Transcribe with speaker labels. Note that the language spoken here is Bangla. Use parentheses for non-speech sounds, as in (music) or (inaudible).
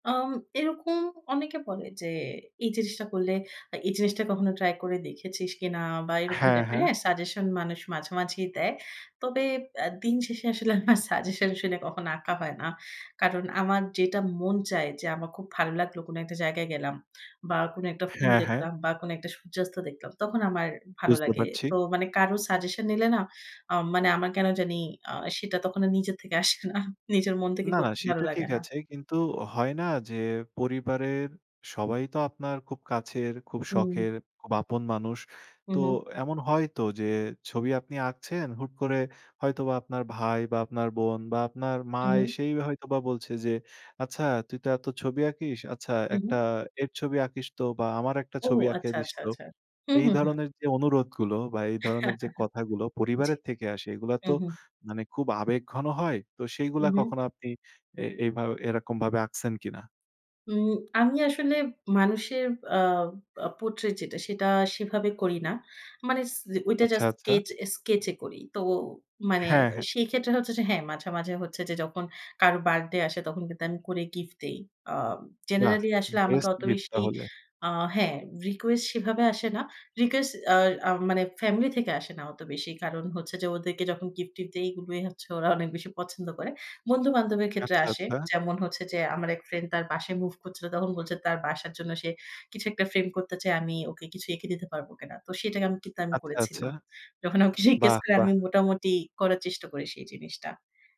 Speaker 1: আম এরকম অনেকে বলে, যে, এই জিনিসটা করলে, আ এই জিনিসটা কখনো ট্রাই করে দেখেছিস কিনা? বা এরকম
Speaker 2: হ্যাঁ,
Speaker 1: টাইপের
Speaker 2: হ্যাঁ।
Speaker 1: হ্যাঁ, সাজেশন মানুষ মাঝে, মাঝেই দেয়। তবে অ্যা দিন শেষে আসলে আমার সাজেশন শুনে কখনো আঁকা হয় না। কারণ আমার যেটা মন চায় যে, আমার খুব ভালো লাগলো কোন একটা জায়গায় গেলাম বা কোন একটা ফুল
Speaker 2: হ্যাঁ, হ্যাঁ।
Speaker 1: দেখলাম বা কোন একটা সূর্যাস্ত দেখলাম তখন আমার ভালো
Speaker 2: বুঝতে
Speaker 1: লাগে।
Speaker 2: পারছি।
Speaker 1: তো মানে কারো সাজেশন নিলে না আম মানে আমার কেন জানি আ সেটা তখন আর নিজের থেকে আসে না। নিজের মন থেকে
Speaker 2: না,
Speaker 1: কত
Speaker 2: না
Speaker 1: ভালো
Speaker 2: সেটা
Speaker 1: লাগে
Speaker 2: ঠিক
Speaker 1: না।
Speaker 2: আছে কিন্তু হয় না যে, পরিবারের সবাই তো আপনার খুব কাছের, খুব
Speaker 1: হুম।
Speaker 2: শখের, খুব আপন মানুষ। তো
Speaker 1: উহু।
Speaker 2: এমন হয়তো যে, ছবি আপনি আঁকছেন হুট করে হয়তোবা আপনার ভাই বা আপনার বোন বা আপনার মা
Speaker 1: উহু।
Speaker 2: এসেই হয়তোবা বলছে, যে, আচ্ছা "তুই তো এত ছবি আঁকিস। আচ্ছা একটা
Speaker 1: উহু।
Speaker 2: এর ছবি আঁকিস তো বা আমার একটা
Speaker 1: ও
Speaker 2: ছবি এঁকে
Speaker 1: আচ্ছা,
Speaker 2: দিস
Speaker 1: আচ্ছা,
Speaker 2: তো।"
Speaker 1: আচ্ছা। হুম,
Speaker 2: এই
Speaker 1: হুম, হুম।
Speaker 2: ধরনের যে, অনুরোধগুলো বা এই ধরনের যে,
Speaker 1: (chuckles)
Speaker 2: কথাগুলো
Speaker 1: জি।
Speaker 2: পরিবারের থেকে আসে এগুলা তো
Speaker 1: উহু।
Speaker 2: মানে খুব আবেগঘন হয়। তো সেইগুলা
Speaker 1: হুম, হুম।
Speaker 2: কখনো আপনি এ এভাবে এরকম ভাবে আঁকছেন কিনা?
Speaker 1: উম আমি আসলে মানুষের আ portrait যেটা সেটা সেভাবে করি না। মানে ছি ওইটা
Speaker 2: আচ্ছা,
Speaker 1: জাস্ট
Speaker 2: আচ্ছা।
Speaker 1: কেচ sketch এ করি। তো মানে
Speaker 2: হ্যাঁ, হ্যাঁ।
Speaker 1: সেই ক্ষেত্রে হচ্ছে যে, হ্যাঁ, মাঝে, মাঝে হচ্ছে যে, যখন কারো বার্থডে আসে তখন কিন্তু আমি করে গিফট দেই। আ
Speaker 2: বাহ!
Speaker 1: generally আসলে আমাকে
Speaker 2: বেস্ট
Speaker 1: অত
Speaker 2: গিফট
Speaker 1: বেশি
Speaker 2: তাহলে।
Speaker 1: আ হ্যাঁ, রিকোয়েস্ট সেভাবে আসে না। রিকোয়েস্ট আ আম মানে ফ্যামিলি থেকে আসে না অত বেশি। কারণ হচ্ছে যে, ওদেরকে যখন গিফট-টিফ্ট দেয় এগুলোই হচ্ছে ওরা অনেক বেশি পছন্দ করে। বন্ধু-বান্ধবের ক্ষেত্রে
Speaker 2: আচ্ছা,
Speaker 1: আসে।
Speaker 2: আচ্ছা।
Speaker 1: যেমন হচ্ছে যে, আমার এক ফ্রেন্ড তার বাসায় মুভ করছিল। তখন বলছে তার বাসার জন্য সে কিছু একটা ফ্রেম করতেছে আমি ওকে কিছু এঁকে দিতে পারব কিনা? তো সেটাকে আমি কিন্তু আমি
Speaker 2: আচ্ছা, আচ্ছা।
Speaker 1: করেছিলাম। যখন আমাকে জিজ্ঞেস
Speaker 2: বাহ!
Speaker 1: করে
Speaker 2: বাহ!
Speaker 1: আমি মোটামুটি করার চেষ্টা করি সেই জিনিসটা।